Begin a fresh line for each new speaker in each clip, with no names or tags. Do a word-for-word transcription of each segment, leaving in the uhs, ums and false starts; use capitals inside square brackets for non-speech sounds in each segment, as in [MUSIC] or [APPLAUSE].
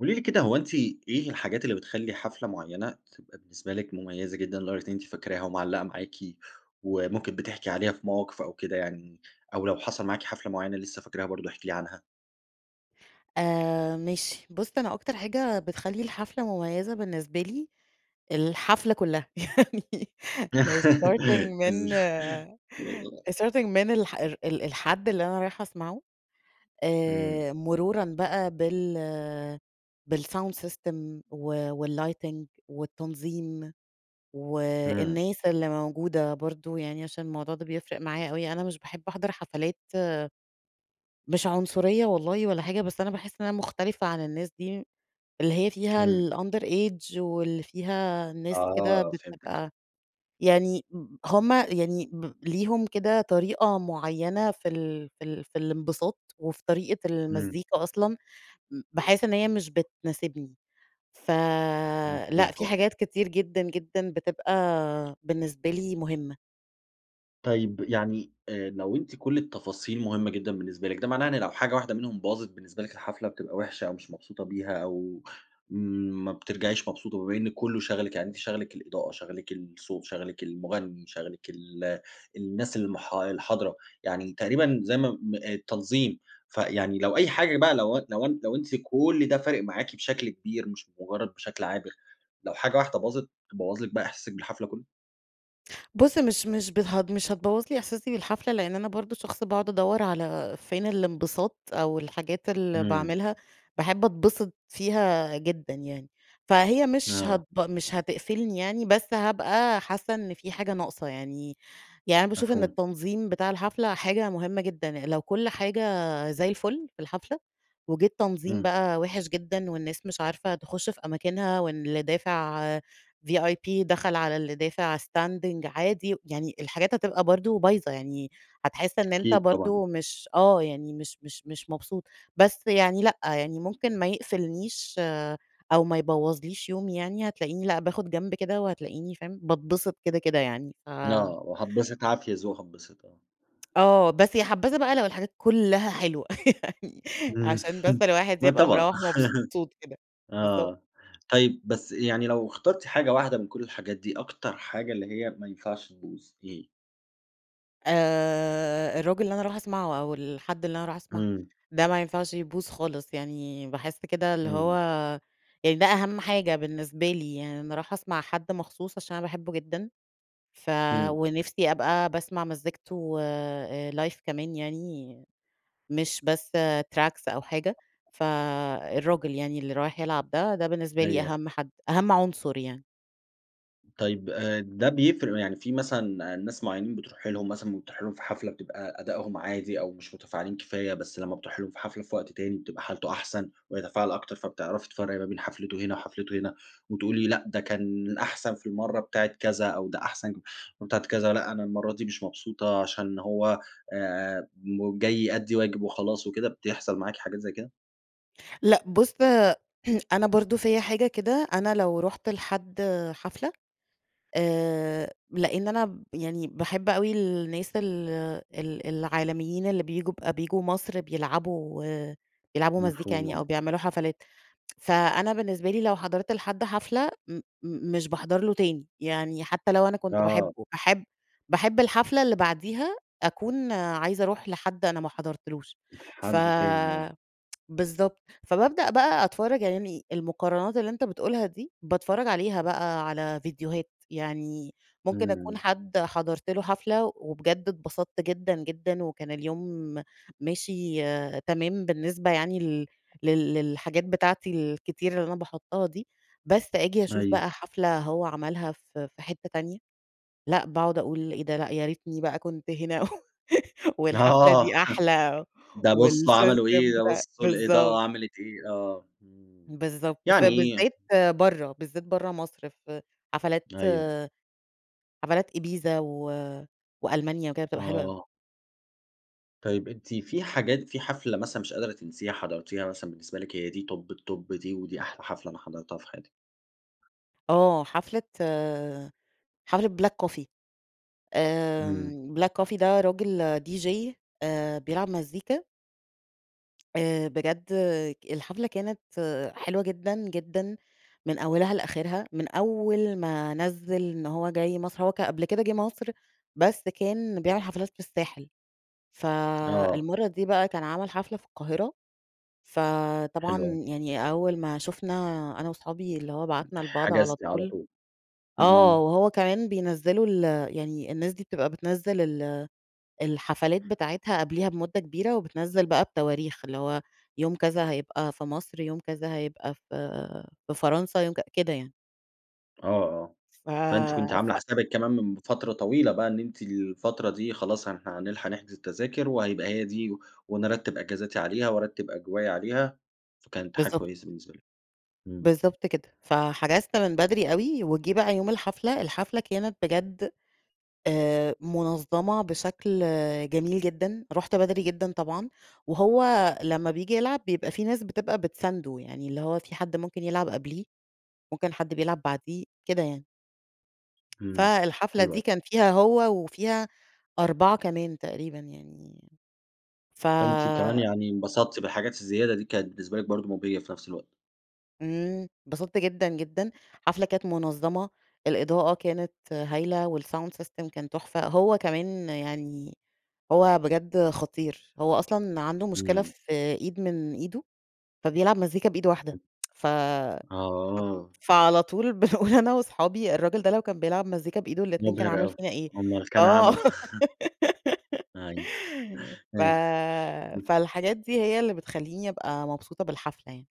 قولي لي كده هو أنتِ إيه الحاجات اللي بتخلّي حفلة معيّنة تبقى بالنسبة لِك مميّزة جدًا لدرجة إن أنتِ فاكراها ومعلّقة معاكِ، وممكن بتحكي عليها في مواقف أو كده يعني؟ أو لو حصل معاكِ حفلة معيّنة لسّه فاكراها برضو احكي لي عنها؟
آآ ماشي، بُص أنا أكتر حاجة بتخلّي الحفلة مميّزة بالنسبة لي الحفلة كلّها، يعني من starting
[LAUGHS] إز
من
أ
starting من الح ال ال الحد اللي أنا رايحة اسمعه،
إمم.
آآ مرورًا بقى بال بالsound system و والlighting والتنظيم،
إمم.
والناس اللي موجودة برضو، يعني عشان الموضوع ده بيفرق معايا أوي. أنا مش باحب احضر حفلات مش عنصرية والله ولا حاجة، بس أنا باحس إن أنا مختلفة عن الناس دي، اللي هي فيها
إمم.
الunder age واللي فيها ناس كده
آه فهمتِك.
بتبقى يعني م هُم يعني ب ليهم كده طريقة معيّنة في ال في ال في الانبساط وفي طريقة
إمم.
المزيكا أصلًا، م باحس إن هي مش بتناسبني،
مضبوط
فلأ، في
طبعًا.
حاجات كتير جدًا، جدًا بتبقى بالنسبة لي مهمّة.
طيب، يعني آآ لو أنتِ كل التفاصيل مهمّة جدًا بالنسبة لِك ده معناه إن لو حاجة واحدة منهم باظت بالنسبة لِك الحفلة بتبقى وحشة، أو مش مبسوطة بيها أو ما بترجعيش مبسوطة، بمّا إن كلّه شَاغَلِك، يعني أنتِ شاغلِك الإضاءة، شَاغلِك الصوت، شَاغلِك المغني، شَاغلِك ال الناس الح الحاضرة، يعني تقريبًا زي ما-ما آآ التنظيم، فيعني لو أي حاجة بقى لو أن لو أن لو أنتِ كل ده فارق معاكِ بشكل كبير مش مجرّد بشكل عابر، لو حاجة واحدة باظت تبوظ لِك بقى إحساسِك بالحفلة كلّه؟
بُص، مش مش [UNINTELLIGIBLE] مش هتبوّظ لي إحساسي بالحفلة، لإن أنا برضو شخص باقعد أدور على فين الانبساط، أو الحاجات اللي
إمم.
باعملها باحبّ أتبسّط فيها جدًا، يعني، فهي مش هتب
آه.
مش هتقفّلني، يعني، بس هابقى حاسّة إنّ فيه حاجة ناقصة، يعني. يعني أنا باشوف إنّ
مفهوم.
التنظيم بتاع الحفلة حاجة مهمّة جدًا، لو كُلّ حاجة زيّ الفُلّ في الحفلة، وجيه التنظيم
إمم.
بقى وحش جدًا، والناس مش عارفة تخشّ في أماكنها، واللي دافع VIP دخل على اللي دافع standing عادي، يعني الحاجات هتبقى برضو بايظة، يعني هتحسّ إنّ أنت
أكيد، طبعًا.
برضو مش آه، يعني مش مش مش مبسوط، بس يعني لأ، يعني ممكن ما يقفّلنيش أو ما يبوّظليش يومي، يعني هتلاقيني لأ، باخد جنب كده، وهتلاقيني فاهم باتبسّط كده كده، يعني فا
آه، وهاتبسط عافية ذوق هاتبسط آه.
آه، بس يا حبذا بقى لو الحاجات كلها حلوة يعنى
إمم،
عشان بس
[CHUCKLES]
الواحد
ما
يبقى
طبعًا
مروّح مبسوط كده،
[CHUCKLES]
بالضب
آه، طيب بس يعني لو اخترتِ حاجة واحدة من كل الحاجات دي أكتر حاجة اللي هي ما ينفعش تبوظ إيه؟
آآ الراجل اللي أنا رايحه أسمعه أو الحد اللي أنا رايحه أسمعه،
امم.
ده ما ينفعش يبوظ خالص، يعني باحس كده اللي هو
امم.
يعني ده أهم حاجة بالنسبة لي، يعني أنا رايحه أسمع حد مخصوص عشان أنا باحبه جدًا، ف
امم.
ونفسي أبقى باسمع مزيكته آآ live كمان يعني مش بس tracks أو حاجة، فالراجل يعني اللي رايح يلعب ده ده بالنسبة لي
أيوه.
أهم حد، أهم عنصر يعني.
طيّب آآ ده بيف يعني في مثلًا ناس معينين بتروحي لهم مثلًا بتروحي لهم في حفلة بتبقى أدائهم عادي أو مش متفاعلين كفاية، بس لمّا بتروحي لهم في حفلة في وقت تاني بتبقى حالته أحسن ويتفاعل أكتر، فبتعرفي تفرقي ما بين حفلته هنا وحفلته هنا وتقول لي: لأ ده كان أحسن في المرّة بتاعة كذا، أو ده أحسن بتاعة كذا، لأ أنا المرّة دي مش مبسوطة عشان هو آآ جاي يؤدي واجب وخلاص وكده، بتحصل معاكِ حاجات زي كده؟
لأ بُص، [CLEARS THROAT] أنا برضو فيّا حاجة كده، أنا لو رُحت لحد حفلة آآ لإن أنا يعني باحب أوي الناس ال ال العالميين اللي بييجوا بييجوا مصر بيلعبوا بيلعبوا مزيكا
مفهوم
يعني أو
آه.
بيعملوا حفلات، فأنا بالنسبة لي لو حضرت لحد حفلة م مش باحضر له تاني، يعني حتّى لو أنا كنت باحبه،
آه.
باحب باحب الحفلة اللي بعديها أكون عايزة أروح لحد أنا ما حضرتلوش، ف
حد تاني، آه.
[TSK] بالضبط، فببدأ بقى أتفرّج، يعني المقارنات اللي أنت بتقولها دي باتفرج عليها بقى على ڤيديوهات، يعني ممكن أكون
امم.
حد حضرت له حفلة وبجد أتبسطت جدًا جدًا وكان اليوم ماشي تمام بالنسبة يعني لل لل للحاجات بتاعتي الكتير اللي أنا باحطها دي، بس أجي أشوف
أيو.
بقى حفلة هو عملها في في حتّة تانية، لأ باقعد أقول: إيه ده؟ لأ يا ريتني بقى كنت هنا و [LAUGHS] والحفلة
آه
دي
[CHUCKLES]
أحلى
ده بصوا عملوا
والسيستم
إيه، ده
بتا
بصوا
بالضب
الإضاءة عملت إيه. آه امم
بالضبط.
يعني
فبالذات برّه بالذات برّه مصر في حفلات
أيوه.
آآ حفلات إيبيزا و وألمانيا وكده بتبقى حلوة أوي.
آه. طيب أنتِ في حاجات في حفلة مثلًا مش قادرة تنسيها حضرتيها مثلًا بالنسبة لِك هي دي top الtop دي، ودي أحلى حفلة أنا حضرتها في حياتي؟
آه حفلة آآ حفلة Black Coffee
إمم.
.آمم Black Coffee ده راجل DJ آآ بيلعب مزيكا آآ بجد الحفلة كانت حلوة جدًا، جدًا من أولها لآخرها، من أوّل ما نزِّل إن هو جاي مصر. هو ك قبل كده جه مصر بس كان بيعمل حفلات في الساحل،
آه.
فالمرّة دي بقى كان عمل حفلة في القاهرة، فطبعًا
حلو أوي.
يعني أوّل ما شُفنا أنا وصحابي اللي هو بعتنا لبعض على
حجزتِ على
طول
طول،
آه،
امم.
وهو كمان بينزّلوا ال يعني الناس دي بتبقى بتنزّل ال الحفلات بتاعتها قبليها بمدة كبيرة وبتنزّل بقى بتواريخ اللي هو يوم كذا هيبقى في مصر، يوم كذا هيبقى في في فرنسا، يوم ك كده يعني.
آه، آه
ف
فأنتِ كنتِ عاملة
ف
حسابِك كمان من فترة طويلة بقى إن أنتِ الفترة دي خلاص ه هنلحق نحجز التذاكر وهيبقى هي دي، و ونرتّب أجازاتي عليها وأرتّب أجوائي عليها، فكانت حاجة
بالضبط.
كويّسة بالنسبة لِك، إمم.
بالضبط كده، فحجزت من بدري أوي، وجه بقى يوم الحفلة. الحفلة كانت بجد آآ منظمة بِشكل جميل جدًا، رحت بدري جدًا طبعًا، وهو لمّا بييجي يلعب بيبقى في ناس بتبقى بتسانده، يعني اللي هو في حد ممكن يلعب قبليه، ممكن حد بيلعب بعديه، كده يعني.
إمم،
فالحفلة
حلو
دي
أوي.
كان فيها هو، وفيها أربعة كمان تقريبًا يعني، ف
فأنتِ كمان يعني انبسطتِ بالحاجات الزيادة دي كانت بالنسبة لكِ برضه مبهجة في نفس الوقت.
إمم، اتبسطت جدًا جدًا، حفلة كانت منظمة، الإضاءة كانت هايلة والsound system كان تحفة، هو كمان يعني، هو بجد خطير، هو أصلًا عنده مشكلة
إمم.
في إيد من إيده، فبيلعب مزيكا بإيد واحدة [TSK] ف
[UNINTELLIGIBLE] آه.
[UNINTELLIGIBLE] فعلى طول بنقول أنا وصحابي، الراجل ده لو كان بيلعب مزيكا بإيده الإتنين كان
مبهر
عمل
أوي،
فينا إيه.
أمّال كان
آه.
عمَل [CHUCKLES] أيوه،
[LAUGHS]
[CHUCKLES]
ف
أيوه. [CHUCKLES] [UNINTELLIGIBLE]
فالحاجات دي هي اللي بتخليني ابقى مبسوطة بالحفلة يعني.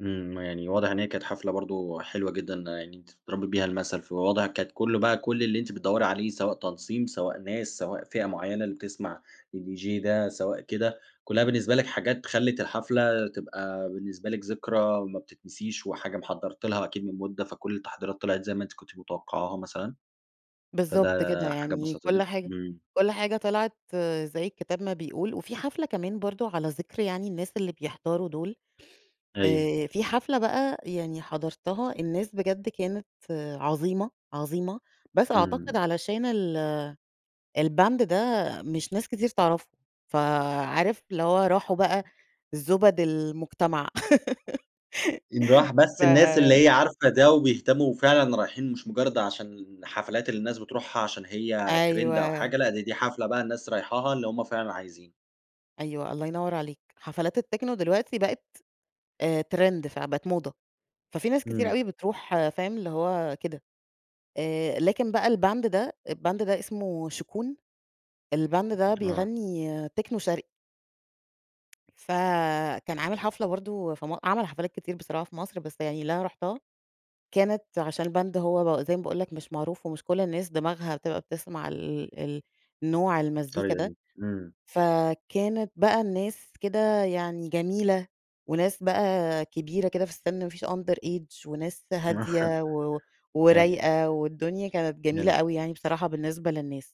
إمم، يعني واضح إن هي كانت حفلة برضه حلوة جدًا يعني أنتِ تضربي بيها المثل، فواضح كانت كل بقى كل اللي أنتِ بتدوري عليه سواء تنصيم سواء ناس سواء فئة معينة اللي بتسمع الDJ ده، سواء كده، كلّها بالنسبة لكِ حاجات خلِّت الحفلة تبقى بالنسبة لكِ ذكرى ما بتتنسيش، وحاجة محضرتلها أكيد من مدة، فكل التحضيرات طلعت زي ما أنتِ كنتِ متوقعاها مثلًا،
بالضبط كده
فده حاجة
يعني كل
بسطتِك؟
حاجة
إمم.
كل حاجة طِلعت زي الكتاب ما بيقول، وفي حفلة كمان برضه على ذِكر يعني الناس اللي بيحضروا دول،
أيوه.
آآ في حفلة بقى يعني حضرتها الناس بجد كانت عظيمة، عظيمة، بس أعتقد
إمم.
علشان ال الband ده مش ناس كتير تعرفه، فعارف؟ اللي هو راحوا بقى زُبَد المجتمع.
إن راح
[LAUGHS] ف
بس الناس اللي هي عارفة ده، وبيهتموا فعلًا رايحين مش مجرد عشان حفلات اللي الناس بتروحها عشان هي ترند أو
أيوه.
حاجة، لأ دي، دي حفلة بقى الناس رايحاها اللي هُم فعلًا عايزين.
أيوه، الله ينور عليك. حفلات التكنو دلوقتي بقت أ ترند فبقت موضة. ففي ناس كتيرة
إمم.
أوي بتروح فاهم؟ اللي هو كده. آآ لكن بقى الباند ده الباند ده اسمه شُكون. الباند ده
آه.
بيغني تكنو شَرقي. فكان عامل حفلة برضه في م عمل حفلات كتير بصراحة في مصر، بس يعني اللي أنا رُحتها، كانت عشان الباند هو زي ما باقول لك مش معروف، ومش كل الناس دماغها بتبقى بتسمع ال ال نوع المزيكا
الطريقة
ده.
دي. إمم.
فكانت بقى الناس كده يعني جميلة، وناس بقى كبيرة كده في السِن، ما فيش underage، وناس هادية، و
[CHUCKLES] أيوه.
ورايقة، والدنيا كانت جميلة
[UNINTELLIGIBLE]
أوي يعني بصراحة بالنسبة للناس.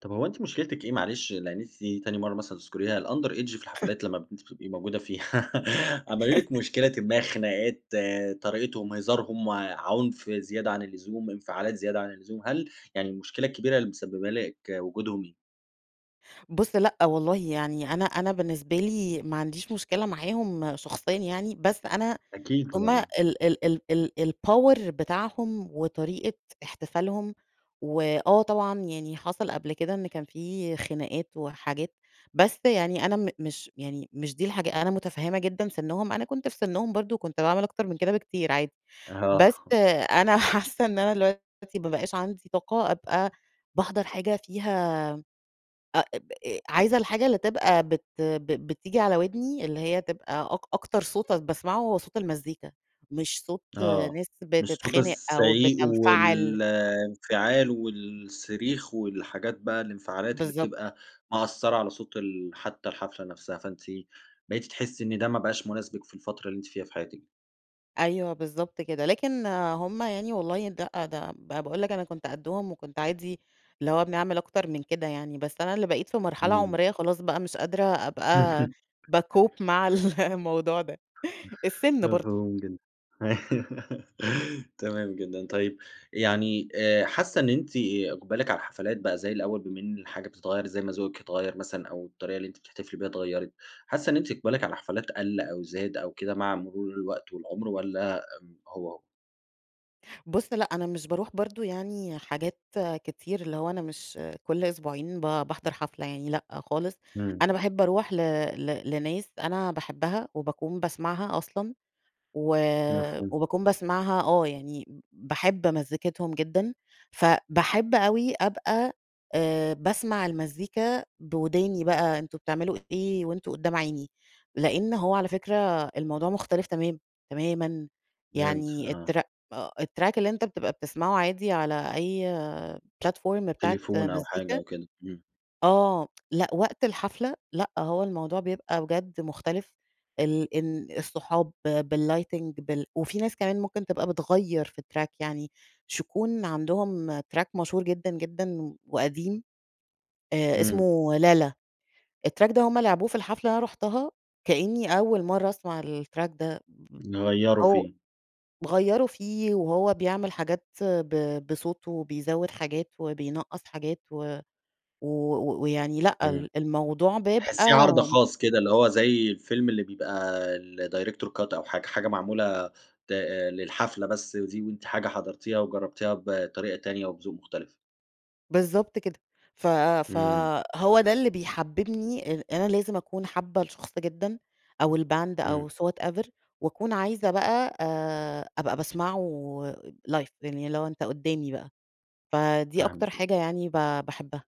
طب هو أنتِ مُشكلتِك إيه معلش؟ لإن أنتِ دي تاني مرّة مثلًا تذكُريها الunderage في
[LAUGHS]
الحفلات لمّا ب أنتِ بتبقي موجودة فيها. [LAUGHS] عملوا لِك
[LAUGHS]
مشكلةٍ ما، خناقات، طريقتهم، هزارهم، وعُنف زيادة عن اللزوم، انفعالات زيادة عن اللزوم، هل يعني المشكلة الكبيرة اللي مسببة لِك وجودهم إيه؟
بُص، لأ والله. يعني أنا أنا بالنسبة لي، ما عنديش مشكلة معاهم شخصيًا يعني، بس أنا
أكيد
هم
طبعًا،
ال
آه.
ال ال ال الpower بتاعهم، وطريقة احتفالهم. وآه طبعًا يعني حصل قبل كده، إن كان في خناقات، وحاجات. بس يعني أنا م مش يعني مش دي الحاجة أنا مُتفهّمة جدًا سِنُّهم، أنا كنت في سِنُّهم برضه، وكنت باعمل أكتر من كده بكتير عادي. بس
آه.
أنا حاسّة إن أنا الوقتي ما بقاش عندي طاقة أبقى باحضر حاجة فيها أ بأ عايزة الحاجة اللي تبقى بت ب بتيجي على وِدني، اللي هي تبقى أك أكتر صوت أنا باسمعه، هو صوت المزيكا، مش صوت
آه.
ناس
مش صوت
بتتخانق، أو
الزعيق،
بتنفَعِل.
والانفعال، والصريخ، والحاجات بقى الانفعالات اللي
بالضبط.
بتبقى مأثّرة على صوت ال حتّى الحفلة نفسها، فأنتِ بقيتِ تحسّي إن ده ما بقاش مُناسبِك في الفترة اللي أنتِ فيها في حياتِك.
أيوه بالضبط كده، لكن هُم يعني والله ده ده ب باقول لَك أنا كنت قدّهم وكنت عادي اللي هو بنعمل أكتر من كده يعني، بس أنا اللي بقيت في مرحلة
إمم.
عمرية خلاص بقى مش قادرة أبقى
[CHUCKLES]
بَاكوب مع ال الموضوع ده. السن برضه.
مفهوم جدًا [LAUGHS] تمام جدًا، طيب يعني آآ حاسة إن أنتِ إقبالِك على الحفلات بقى زي الأول، بما إن الحاجة بتتغير زي ما ذوقِك اتغير مثلًا، أو الطريقة اللي أنتِ بتحتفلي بها اتغيرِت، حاسة إن أنتِ إقبالِك على الحفلات قَلّ أو زاد أو كده مع مرور الوقت والعمر، والَّا امم هو، هو؟
بُص لأ، أنا مش باروح برضه يعني حاجات كتير، اللي هو أنا مش كل أسبوعين ب باحضر حفلة يعني لأ خالص،
إمم.
أنا باحب أروح ل ل لناس أنا باحبها وباكون باسمعها أصلًا و
مفهوم.
وباكون باسمعها آه، يعني ب باحب مزيكتهم جدًا، فباحب أوي أبقى آآ باسمع المزيكا بوداني بقى أنتم بتعملوا إيه وأنتم قدّام عيني، لأن هو على فكرة الموضوع مختلف تمام، تمامًا
بجد
يعني
آه.
التر الtrack اللي أنت بتبقى بتسمعه عادي على أي platform بتاعة
تليفون أو حاجة
مزيكا
أو كده، همم.
آه [TSK] لأ وقت الحفلة لأ هو الموضوع بيبقى بجد مختلف، ال إن الصحاب، بالlighting بال وفيه ناس كمان ممكن تبقى بتغيّر في الtrack يعني ش يكون عندهم track مشهور جدًا، جدًا وقديم، آآ
إمم.
إسمه لالا، الtrack ده هُم لعبوه في الحفلة اللي أنا رُحتها، كأني أول مرة أسمع الtrack ده،
غيّروا
أو
فيه.
غيّروا فيه وهو بيعمل حاجات ب بصوته، وبيزود حاجات، وبينقّص حاجات، و و ويعني لأ،
إمم.
ال الموضوع
تحسيه
بيبقى
عرض خاص كده اللي هو زي الفيلم اللي بيبقى الdirector cut أو حاجة، حاجة معمولة ت للحفلة بس دي، وأنتِ حاجة حضرتيها وجربتيها بطريقة تانية وبذوق مختلف.
بالضبط كده ف
إمم.
فهو ده اللي بيحببني ال أنا لازم أكون حابة الشخص جدًا، أو الباند،
إمم.
أو so whatever، وأكون عايزة بقى آآ أبقى باسمعه لايف يعني اللي هو أنت قدامي بقى، فدي أكتر
فاهمِك.
حاجة يعني ب باحبها.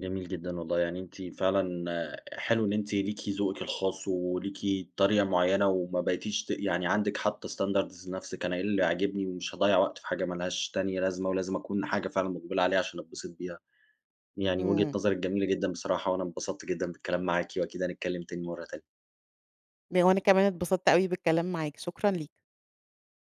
جميل جدًا، والله يعني أنتِ فعلًا حلو إن أنتِ ليكِ ذوقِك الخاص وليكِ طريقة معينة وما بقيتيش ت يعني عندِك حاطة standards لنفسِك "أنا إيه اللي عاجبني، ومش هاضيّع وقت في حاجة مالهاش تانية لازمة، ولازم أكون حاجة فعلًا مُقبلة عليها عشان أتبسط بيها." يعني وجهة
إمم.
نظرِك جميلة جدًا بصراحة، وأنا انبسطت جدًا بالكلام معاكِ، وأكيد هنتكلم تاني مرة تانية.
وأنا كمان اتبسطت أوي بالكلام معاك، شكرًا ليك.